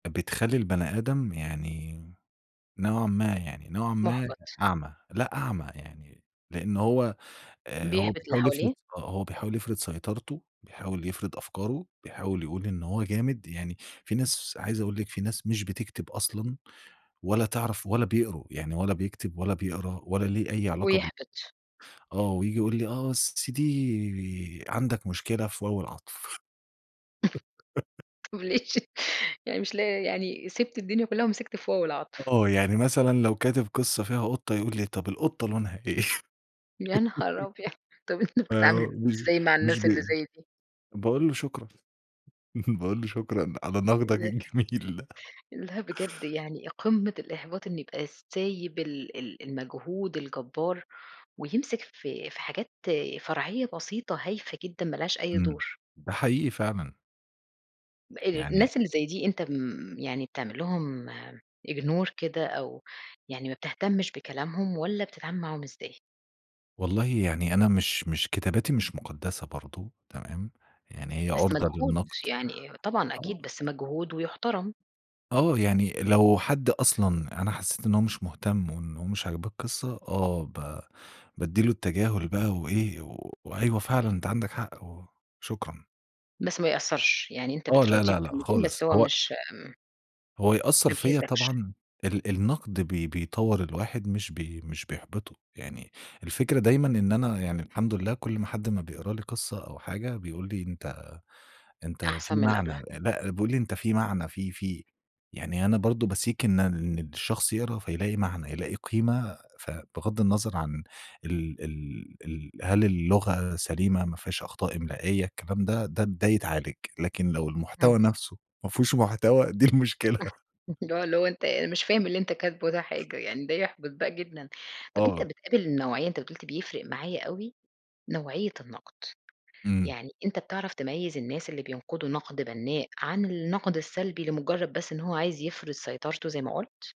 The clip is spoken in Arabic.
بتخلّي البني آدم يعني نوعًا ما يعني نوعًا ما محبَط. أعمى، لأ، أعمى يعني لأنه هو آآ، هو بيحبط اللي بيحاول يفرض حواليه. س آه، هو بيحاول يفرض سيطرته بيحاول يفرض أفكارُه بيحاول يقول إن هو جامد يعني فيه ناس عايز أقول لِك في ناس مش بتكتب أصلًا، ولا تعرف ولا بيقروا، يعني ولا بيكتب ولا بيقرا ولا ليه أي علاقة بال ويحبط. آه، وييجي يقول لي، آه [unintelligible] عندك مشكلة في واو العطف. [unintelligible] يعني مش لاقي يعني سِبت الدنيا كُلّها ومسكت في واو العطف. آه، يعني مثلًا لو كاتب قصّة فيها قُطة، يقول لي طب القطة لونها إيه؟ يانهار أبيض، طب أنت فهو بتتعامل ب مش إزاي مع مش الناس اللي بيقرا، زي دي؟ باقول له شكرًا باقول له شكرًا على نقدك يا الجميل ده. [unintelligible] لأ، بجد يعني قمّة الإحباط إن يبقى سايب ال ال المجهود الجبار، ويمسك في في حاجات فرعية بسيطة هايفة جدًا، ما لهاش أي امم، دور. ده حقيقي فعلًا. [unintelligible] يعني الناس اللي زي دي أنت م يعني بتعمل لهُم Ignore كده، أو يعني ما بتهتمش بكلامهم، والَّا بتتعامل معاهم إزاي؟ والله يعني أنا مش مش كتاباتي مش مقدسّة برضه، تمام، يعني هي بس عُرضة مجهود، للنقد، يعني أ طبعًا أكيد، آه. بس مجهود ويُحترم. آه، يعني لو حد أصلًا أنا حسيت إن هو مش مهتم وإن هو مش عاجباه القصّة، آه، ب بادّي لُه التجاهل بقى و إيه وأيوه فعلًا أنت عندك حق، و شكرًا. بس ما يأثّرش، يعني أنت آه، لا، بتراضيه لا، لأ بكلمتين خالص بس هو هو مش ...هو يأثّر ما فيّا بيهزّكش. طبعًا ال ال النقد بي بي بيطور الواحد مش بي مش بيحبطُه، يعني الفكرة دايمًا إن أنا يعني الحمد لله كل أما حد ما بيقرا لي قصّة أو حاجة، بيقول لي أنت أنت أحسن في من اللي قبلها. معنى، لأ بيقول لي أنت في معنى في في يعني أنا برضه بseek إن ال إن الشخص يقرا فيلاقي معنى، يلاقي قيمة ف بغضّ النظر عن ال ال ال هل اللغة سليمة ما فيهاش أخطاء إملائية، الكلام ده ده ده يتعالج، لكن لو همم. المحتوى نفسه ما فيهوش محتوى دي المشكلة. اللي هو اللي هو أنت آآ، مش فاهم اللي أنت كاتبُه ده حاجة يعني ده يحبط بقى جدًا، طَب أنت آه. بتقابل النوعية أنت بت قُلت بيفرق معايا أوي نوعية النقد، امم. يعني أنت بتعرف تميّز الناس اللي بينقدوا نقد بنَّاء عن النقد السلبي لمجرد بس إن هو عايز يفرض سيطرتُه زي ما قُلت؟